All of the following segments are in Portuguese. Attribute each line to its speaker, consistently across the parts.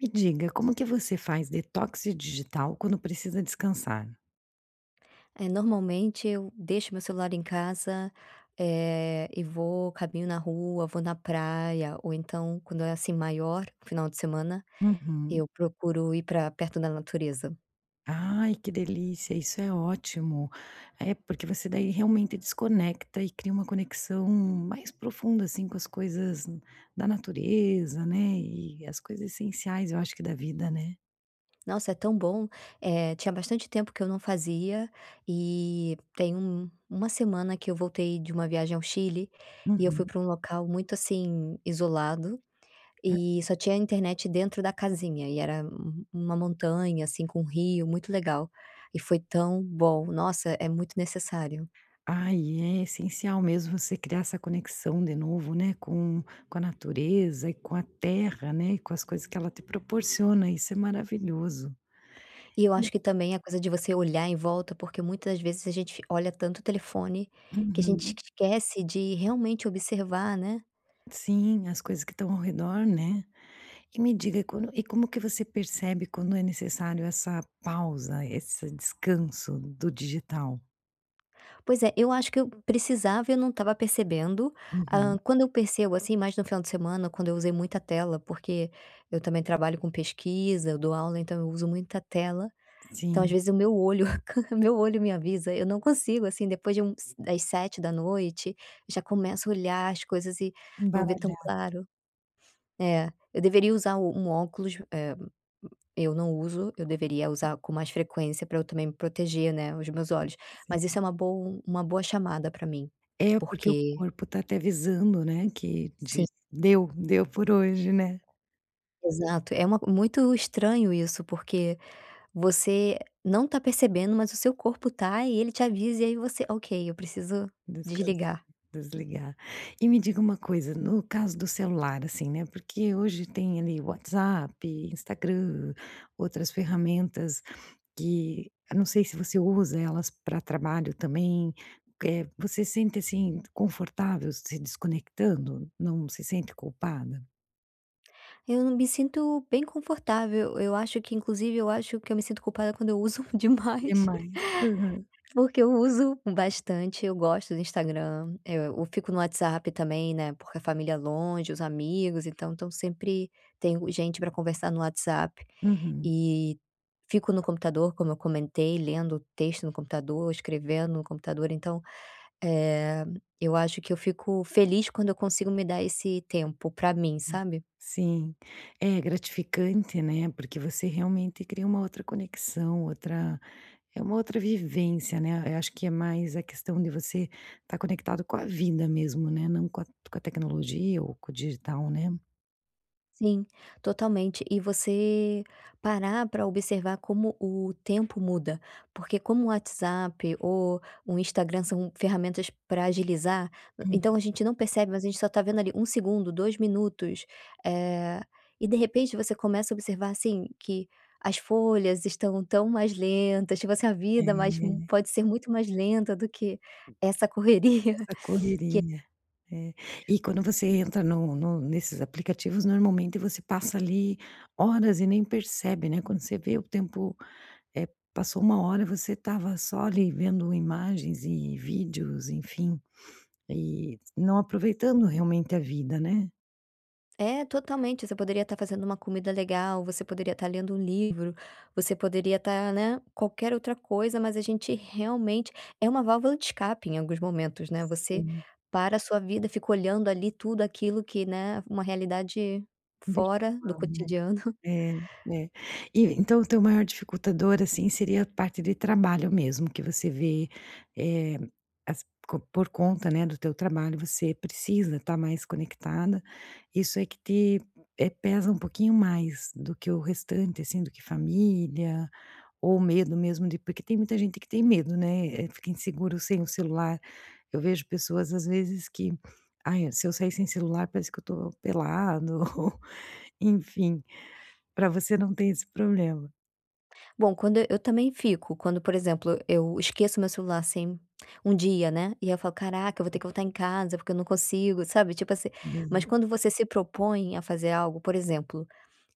Speaker 1: Me diga: como que você faz detox digital quando precisa descansar?
Speaker 2: Eh, normalmente, eu deixo meu celular em casa, eh, e vou caminho na rua, vou na praia ou, então, quando é assim maior, o final de semana,
Speaker 1: Uhum.
Speaker 2: eu procuro ir pra perto da natureza.
Speaker 1: Ai, que delícia, isso é ótimo, eh, porque você daí, realmente, desconecta e cria uma conexão mais profunda, assim, com as coisas da natureza, né, e as coisas essenciais, eu acho que da vida, né.
Speaker 2: Nossa, é tão bom. Eh, tinha bastante tempo que eu não fazia e tem um 1 semana que eu voltei de uma viagem ao Chile e eu fui
Speaker 1: Uhum.
Speaker 2: pra um local muito, assim, isolado,
Speaker 1: Hã.
Speaker 2: e só tinha internet dentro da casinha e era um 1 montanha, assim, com um rio muito legal e foi tão bom, nossa, é muito necessário.
Speaker 1: Ah, e é essencial mesmo você criar essa conexão de novo, né, com com a natureza e com a terra, né, e com as coisas que ela te proporciona, isso é maravilhoso,
Speaker 2: E eu acho
Speaker 1: e
Speaker 2: que, também, a coisa de você olhar em volta, porque, muitas vezes, a gente fi olha tanto o telefone, que a gente
Speaker 1: Uhum.
Speaker 2: esquece de, realmente, observar, né?
Speaker 1: Sim, as coisas que estão ao redor, né. E me diga: quando e como que você percebe quando é necessário essa pausa, esse descanso do digital?
Speaker 2: Pois é, eu acho que eu precisava e eu não estava percebendo. Ah,
Speaker 1: Uhum.
Speaker 2: quando eu percebo, assim, mais no final de semana, quando eu usei muita tela, porque eu também trabalho com pesquisa, eu dou aula, então eu uso muita tela, então, às
Speaker 1: Sim.
Speaker 2: vezes, o meu olho ca o meu olho me avisa, eu não consigo, assim, depois de uns das 19h, já começo a olhar as coisas e não vê tão
Speaker 1: Embaralhar.
Speaker 2: claro. É, eu deveria usar o um óculos, eh, eu não uso, eu deveria usar com mais frequência pra eu também me proteger, né, os meus olhos,
Speaker 1: Sim.
Speaker 2: mas isso é uma boa, um uma boa chamada pra mim,
Speaker 1: É, porque o
Speaker 2: porque
Speaker 1: corpo está te avisando, né, que
Speaker 2: Sim.
Speaker 1: diz: "Deu, deu por hoje", né?
Speaker 2: Exato, é uma muito estranho isso, porque você não tá percebendo, mas o seu corpo tá, e ele te avisa e aí você: "Ok, eu preciso
Speaker 1: Descans
Speaker 2: desligar".
Speaker 1: desligar. E me diga uma coisa, no caso do celular, assim, né, porque hoje, tem, ali, WhatsApp, Instagram, outras ferramentas que, ah, não sei se você usa elas pra trabalho também, eh, você sente, assim, confortável se desconectando? Não se sente culpada?
Speaker 2: Eu não me sinto bem confortável, eu acho que inclusive eu acho que eu me sinto culpada quando eu uso demais,
Speaker 1: Demais, aham.
Speaker 2: porque eu uso bastante, eu gosto do Instagram, eh, eu fico no WhatsApp também, né, porque a família longe, os amigos, então estão sempre tenho gente pra conversar no WhatsApp,
Speaker 1: Uhum.
Speaker 2: e fico no computador, como eu comentei, lendo texto no computador, escrevendo no computador, então, eh, eu acho que eu fico feliz quando eu consigo me dar esse tempo pra mim,
Speaker 1: Hum.
Speaker 2: sabe.
Speaker 1: Sim. É, é gratificante, né, porque você realmente cria uma outra conexão, outra é uma outra vivência, né, eu acho que é mais a questão de você estar conectado com a vida mesmo, né, não com a com a tecnologia ou com o digital, né.
Speaker 2: Sim, totalmente, e você parar pra observar como o tempo muda, porque como o WhatsApp o um Instagram são ferramentas pra agilizar, hã,
Speaker 1: Hum.
Speaker 2: então a gente não percebe, mas a gente só tá vendo ali, 1 segundo, 2 minutos, eh, e de repente você começa a observar, assim, que as folhas estão tão mais lentas, tipo assim, a vida mais mu
Speaker 1: É.
Speaker 2: pode ser muito mais lenta do que essa correria
Speaker 1: Essa
Speaker 2: que
Speaker 1: correria, é. E quando você entra no no nesses aplicativos, normalmente, você passa ali horas e nem percebe, né, quando você vê o tempo, eh, passou 1 hora, você estava só ali, vendo imagens e vídeos, enfim, e não aproveitando, realmente, a vida, né.
Speaker 2: É, totalmente, você poderia estar fazendo uma comida legal, você poderia estar lendo livro, você poderia estar, né, qualquer outra coisa, mas a gente realmente é uma válvula de escape, em alguns momentos, né, você
Speaker 1: Sim.
Speaker 2: para a sua vida, fica olhando ali tudo aquilo que, né, uma realidade fora do
Speaker 1: Virtual, né.
Speaker 2: cotidiano.
Speaker 1: É, é. E então o teu maior dificultador, assim, seria a parte de trabalho mesmo, que você vê, eh, as co por conta, né, do teu trabalho, você precisa estar mais conectada, isso é que te, eh, pesa um pouquinho mais do que o restante, assim, do que família ou medo mesmo de porque tem muita gente que tem medo, né, eh, fica inseguro sem o celular. Eu vejo pessoas, às vezes que: "Ai, se eu sair sem celular, parece que eu tô pelado", ou, enfim. Pra você não ter esse problema?
Speaker 2: Bom, quando e eu também fico, quando, por exemplo, eu esqueço o meu celular, assim, um dia, né. E aí falo: "Caraca, eu vou ter
Speaker 1: Uhum.
Speaker 2: que voltar em casa, porque eu não consigo", sabe, tipo assim. Mas
Speaker 1: Hum.
Speaker 2: quando você se propõe a fazer algo, por exemplo,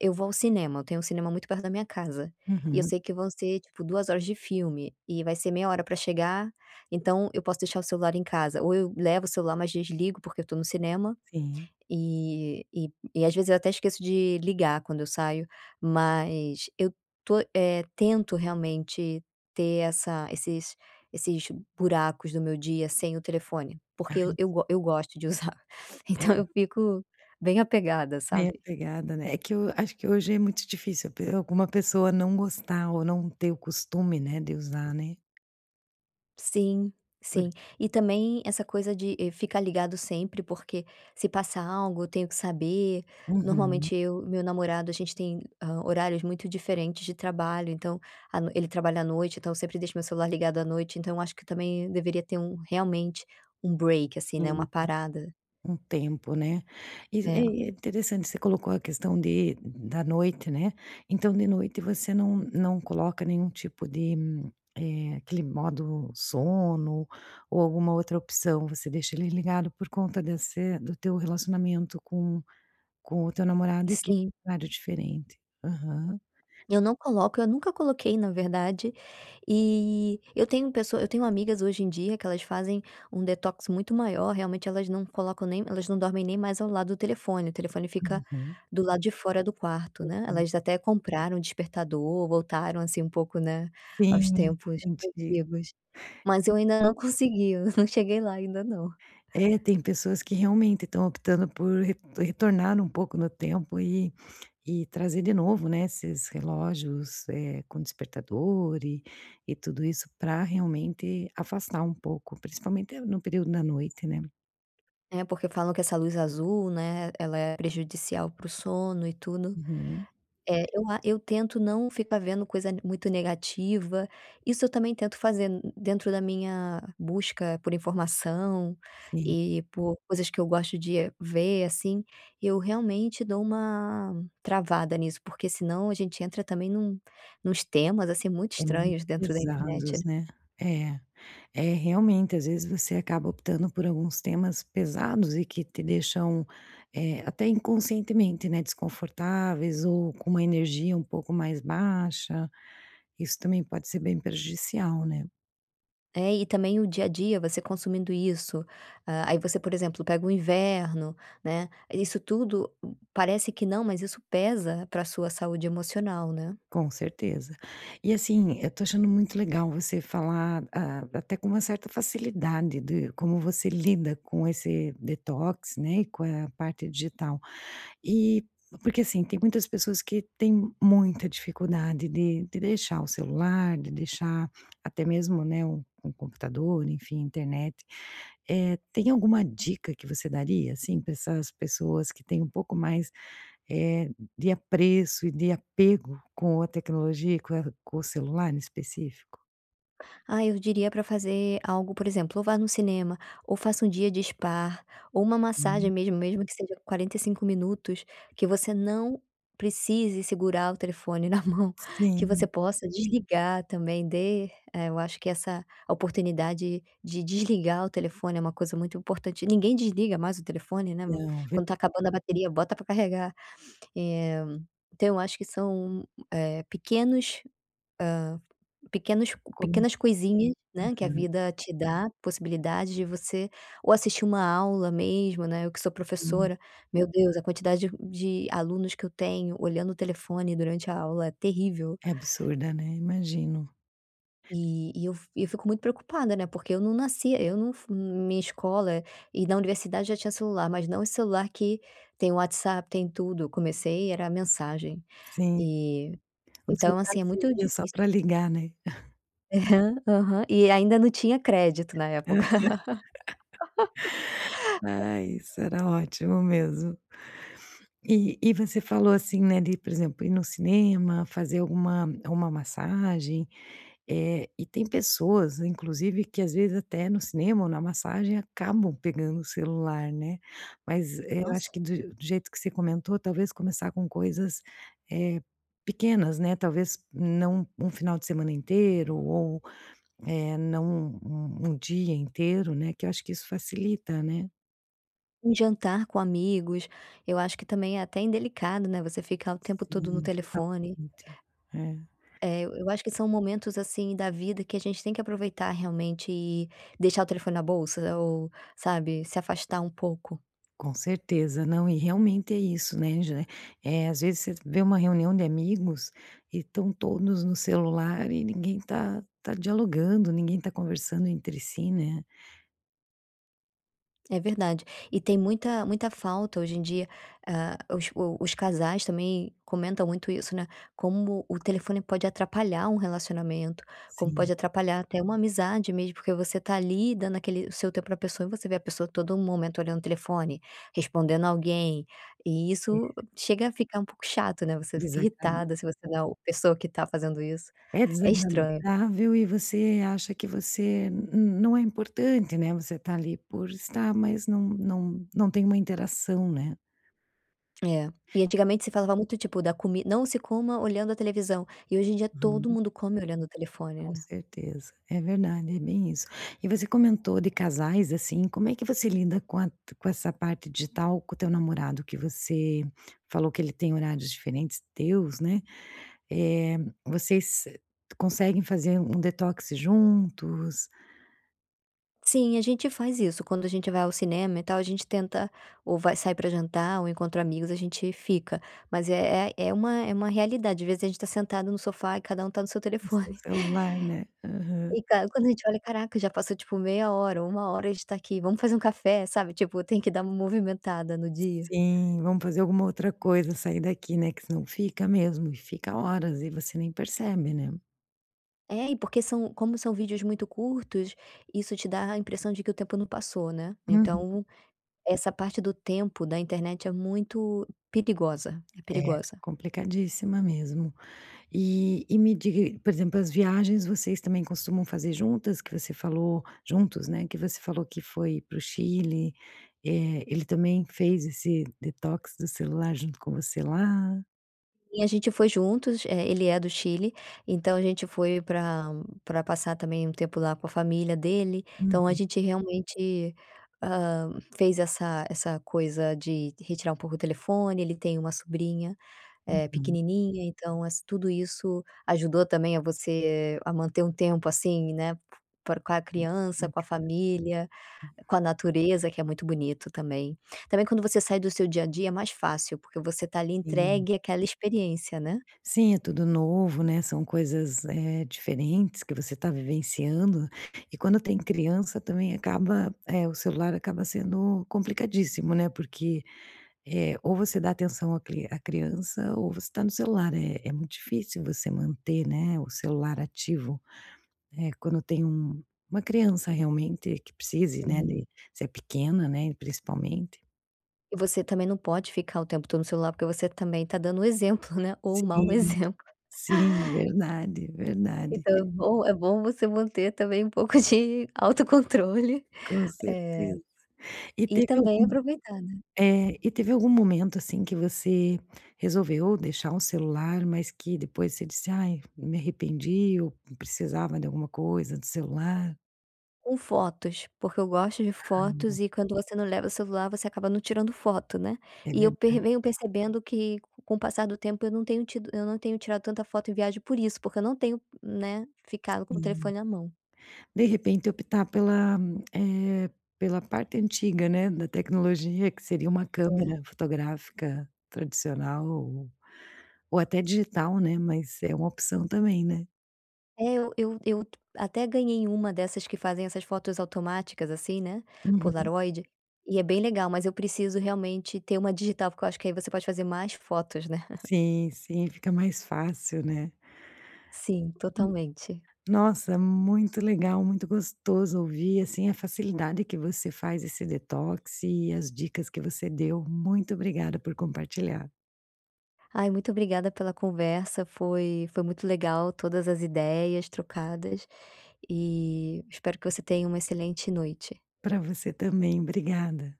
Speaker 2: eu vou ao cinema, eu tenho um cinema muito perto da minha casa e eu
Speaker 1: Uhum.
Speaker 2: sei que vão ser tipo 2 horas de filme e vai ser meia hora pra chegar, então eu posso deixar o celular em casa, ou eu levo o celular, mas desligo porque eu estou no cinema.
Speaker 1: Sim.
Speaker 2: E e e às vezes eu até esqueço de ligar quando eu saio, mas eu estou eh, tento realmente ter essa esses esses buracos do meu dia sem o telefone,
Speaker 1: Ai,
Speaker 2: porque eu
Speaker 1: s
Speaker 2: eu go eu gosto de usar. Então
Speaker 1: É.
Speaker 2: eu fico bem apegada,
Speaker 1: Bem
Speaker 2: sabe?
Speaker 1: apegada, né? É que eu acho que hoje é muito difícil ver alguma pessoa não gostar ou não ter o costume, né, de usar, né?
Speaker 2: Sim,
Speaker 1: Por
Speaker 2: sim. E também essa coisa de, eh, ficar ligado sempre, porque se passar algo eu tenho que saber,
Speaker 1: Uhum.
Speaker 2: normalmente eu e meu namorado a gente tem, ah, horários muito diferentes de trabalho, então, a noi ele trabalha à noite, então sempre deixo o meu celular ligado à noite, então acho que também deveria ter um, realmente, um break, assim,
Speaker 1: Sim,
Speaker 2: né,
Speaker 1: sim.
Speaker 2: uma parada.
Speaker 1: Um tempo, né? E
Speaker 2: É.
Speaker 1: é, é interessante, você colocou a questão de da noite, né. Então de noite você não não coloca nenhum tipo de eh, aquele modo sono ou alguma outra opção, você deixa ele ligado por conta desse do teu relacionamento com com o teu namorado e que é
Speaker 2: Sim.
Speaker 1: um cenário diferente? Aham.
Speaker 2: Eu não coloco, eu nunca coloquei, na verdade, e eu tenho uma pessoa eu tenho amigas hoje em dia que elas fazem um detox muito maior, realmente elas não colocam nem elas não dormem nem mais ao lado do telefone, o telefone fica
Speaker 1: Uhum.
Speaker 2: do lado de fora do quarto, né,
Speaker 1: Enquanto
Speaker 2: elas até compraram o despertador, voltaram, assim, um pouco, né, aos
Speaker 1: Sim,
Speaker 2: tempos
Speaker 1: anti É.
Speaker 2: antigos. Mas eu ainda não consegui, não cheguei lá ainda não.
Speaker 1: É, tem pessoas que realmente estão optando por re retornar um pouco no tempo e e trazer de novo, né, esses relógios, eh, com despertador e e tudo isso pra realmente afastar um pouco, principalmente no período da noite, né?
Speaker 2: É, porque falam que essa luz azul, né, ela é prejudicial para o sono e tudo.
Speaker 1: Uhum.
Speaker 2: Eh, eu a eu tento não ficar vendo coisa, né, muito negativa, isso eu também tento fazer, hum, dentro da minha busca por informação
Speaker 1: Sim.
Speaker 2: e por coisas que eu gosto de ver, assim. Eu realmente dou uma travada nisso, porque senão a gente entra também num nuns temas, assim, muito
Speaker 1: É,
Speaker 2: estranhos
Speaker 1: muito
Speaker 2: dentro da
Speaker 1: pesados,
Speaker 2: internet.
Speaker 1: né. É, é, realmente, às vezes você acaba optando por alguns temas pesados e que te deixam, eh, até inconscientemente, né, desconfortáveis ou com uma energia um pouco mais baixa, isso também pode ser bem prejudicial, né?
Speaker 2: É, e também o dia a dia você consumindo isso, ah, aí você por exemplo pega o inverno, né. Isso tudo parece que não, mas isso pesa pra sua saúde emocional, né?
Speaker 1: Com certeza. E, assim, eu estou achando muito legal você falar, ah, até com uma certa facilidade de como você lida com esse detox, né, e com a parte digital, e porque, assim, tem muitas pessoas que têm muita dificuldade de de deixar o celular, de deixar até mesmo, né, um um computador, enfim, a internet. Eh, tem alguma dica que você daria, assim, pra essas pessoas que têm um pouco mais, eh, de apreço e de apego com a tecnologia e com com o celular em específico?
Speaker 2: Ah, eu diria pra fazer algo, por exemplo, ou vá no cinema, ou faça dia um de spa, ou uma massagem
Speaker 1: Hum.
Speaker 2: mesmo, mesmo que seja 45 minutos, que você não precise segurar o telefone na mão, que você
Speaker 1: Sim.
Speaker 2: possa desligar também. Dê eh, eu acho que essa oportunidade de desligar o telefone é uma coisa muito importante. Ninguém desliga mais o telefone, né, bu
Speaker 1: Então, verd
Speaker 2: quando está acabando a bateria, bota pra carregar. Eh, então eu acho que são, eh, pequenos, hã, pequenos
Speaker 1: Como é
Speaker 2: pequenas coisinhas, né, que a
Speaker 1: Aham.
Speaker 2: vida te dá, possibilidade de você ou assistir uma aula mesmo, né, eu que sou
Speaker 1: Hum.
Speaker 2: professora, meu Deus, a quantidade de alunos que eu tenho olhando o telefone durante a aula é terrível.
Speaker 1: É absurda, né, imagino.
Speaker 2: E e eu f e eu fico muito preocupada, né, porque eu não nasci eu não fu minha escola e na universidade já tinha celular, mas não esse celular que tem WhatsApp, tem tudo, comecei era mensagem.
Speaker 1: Sim.
Speaker 2: E,
Speaker 1: O
Speaker 2: então
Speaker 1: celular
Speaker 2: assim, é muito
Speaker 1: servia só
Speaker 2: difícil
Speaker 1: para ligar, né?
Speaker 2: Aham, aham. E ainda não tinha crédito, na
Speaker 1: Aham.
Speaker 2: época.
Speaker 1: Ai, isso era ótimo mesmo. E e você falou, assim, né, de, por exemplo, ir no cinema, fazer alguma uma massagem, eh, e tem pessoas inclusive que, às vezes, até no cinema ou na massagem acabam pegando o celular, né, mas, eh, eu acho
Speaker 2: Nossa.
Speaker 1: que do je do jeito que você comentou, talvez começar com coisas, eh, pequenas, né, talvez não um final de semana inteiro ou, eh, não um um dia inteiro, né, que eu acho que isso facilita, né.
Speaker 2: Um jantar com amigos, eu acho que também é até indelicado, né, você ficar o tempo todo no
Speaker 1: Sim,
Speaker 2: telefone.
Speaker 1: totalmente. É.
Speaker 2: É, eu eu acho que são momentos, assim, da vida que a gente tem que aproveitar realmente e deixar o telefone na bolsa ou sabe, se afastar um pouco.
Speaker 1: Com certeza. Não, e realmente é isso, né, já eh, às vezes você vê uma reunião de amigos e estão todos no celular e ninguém tá tá dialogando, ninguém tá conversando entre si, né.
Speaker 2: É verdade. E tem muita muita falta hoje em dia, hã, os o os casais também comentam muito isso, né, como o telefone pode atrapalhar um relacionamento, como pode
Speaker 1: Sim.
Speaker 2: atrapalhar até uma amizade mesmo, porque você tá ali, dando aquele o seu tempo pra pessoa e você vê a pessoa todo momento olhando o telefone, respondendo alguém, e
Speaker 1: É.
Speaker 2: isso chega a ficar um pouco chato, né, você fica
Speaker 1: Exatamen
Speaker 2: irritada se você não é o pessoa que tá fazendo isso.
Speaker 1: É
Speaker 2: É estranho.
Speaker 1: desagradável e você acha que você n n não é importante, né, você tá ali por estar, mas não não não tem uma interação, né.
Speaker 2: É. E antigamente se falava muito, tipo, da comi “Não se coma olhando a televisão” e hoje em dia todo
Speaker 1: Uhum.
Speaker 2: mundo come olhando o telefone,
Speaker 1: Com
Speaker 2: né.
Speaker 1: certeza. É verdade, é bem isso. E você comentou de casais, assim, como é que você lida com a com essa parte digital com o teu namorado, que você falou que ele tem horários diferentes teus, né, eh, vocês conseguem fazer um detox juntos?
Speaker 2: Sim, a gente faz isso, quando a gente vai ao cinema e tal, a gente tenta ou vai sai pra jantar ou encontra amigos, a gente fica, mas, eh eh, é uma é uma realidade, às vezes a gente tá sentado no sofá e cada um tá no seu
Speaker 1: No seu
Speaker 2: telefone.
Speaker 1: celular, né, aham.
Speaker 2: E ca quando a gente olha: "Caraca, já passou tipo meia hora ou 1 hora e a gente tá aqui. Vamos fazer um café", sabe, tipo, tem que dar uma movimentada no dia.
Speaker 1: Sim, vamos fazer alguma outra coisa, sair daqui, né, que se não fica mesmo e fica horas e você nem percebe, né.
Speaker 2: É, e porque são como são vídeos muito curtos, isso te dá a impressão de que o tempo não passou, né.
Speaker 1: Uhum.
Speaker 2: Então essa parte do tempo da internet é muito perigosa, é
Speaker 1: É,
Speaker 2: perigosa.
Speaker 1: complicadíssima mesmo. E e me diga e por exemplo, as viagens vocês também costumam fazer juntas, que você falou juntos, né, que você falou que foi para o Chile, eh, ele também fez esse detox do celular junto com você lá?
Speaker 2: E a gente foi juntos, eh, ele é do Chile, então a gente foi pra pra passar também um tempo lá com a família dele. Então a
Speaker 1: Uhum.
Speaker 2: gente realmente, hã, fez essa essa coisa de retirar um pouco o telefone, ele tem uma sobrinha, eh,
Speaker 1: Uhum.
Speaker 2: pequenininha, então ass tudo isso ajudou também, a você a manter um tempo, assim, né, por com a criança, com a
Speaker 1: Desconectado.
Speaker 2: família, com a natureza, que é muito bonito também. Também quando você sai do seu dia a dia é mais fácil, porque você tá ali
Speaker 1: Sim.
Speaker 2: entregue àquela experiência, né.
Speaker 1: Sim, é tudo novo, né, são coisas, eh, diferentes que você tá vivenciando e quando tem criança também acaba, eh, o celular acaba sendo complicadíssimo, né, porque, eh, ou você dá atenção à cri à criança ou você tá no celular. É é muito difícil você manter, né, o celular ativo, eh, quando tem um uma criança realmente que precise, né,
Speaker 2: Sim.
Speaker 1: de se é pequena, né, principalmente.
Speaker 2: E você também não pode ficar o tempo todo no celular, porque você também está dando exemplo, né, ou o mau
Speaker 1: Sim,
Speaker 2: exemplo.
Speaker 1: sim verdade verdade.
Speaker 2: Então é bom é bom você manter também um pouco de autocontrole,
Speaker 1: Com
Speaker 2: eh,
Speaker 1: certeza e
Speaker 2: e
Speaker 1: teve
Speaker 2: também
Speaker 1: algum,
Speaker 2: aproveitar, né.
Speaker 1: eh, e teve algum momento, assim, que você resolveu deixar o celular mas que depois você disse ai eu me arrependi ou precisava de alguma coisa do celular.
Speaker 2: Com fotos porque eu gosto de
Speaker 1: Caramba!
Speaker 2: fotos e quando você não leva o celular você acaba não tirando foto, né,
Speaker 1: É
Speaker 2: e eu per
Speaker 1: verdade.
Speaker 2: venho percebendo que com o passar do tempo eu não tenho tido eu não tenho tirado tanta foto em viagem por isso, porque eu não tenho né, ficado com o
Speaker 1: Hum.
Speaker 2: telefone à mão.
Speaker 1: De repente optar pela eh, pela parte antiga, né, da tecnologia que seria uma
Speaker 2: É.
Speaker 1: câmera fotográfica tradicional ou até digital, né, mas é uma opção também, né?
Speaker 2: É, eu eu eu até ganhei uma dessas que fazem essas fotos automáticas assim, né,
Speaker 1: Uhum.
Speaker 2: Polaroid e é bem legal mas eu preciso realmente ter uma digital porque eu acho que aí você pode fazer mais fotos, né.
Speaker 1: Sim sim fica mais fácil, né?
Speaker 2: Sim, totalmente.
Speaker 1: Nossa, muito legal muito gostoso ouvir assim a facilidade que você faz esse detox e as dicas que você deu, muito obrigada por compartilhar.
Speaker 2: Ai, muito obrigada pela conversa foi foi muito legal todas as ideias trocadas e espero que você tenha uma excelente noite.
Speaker 1: Pra você também, obrigada.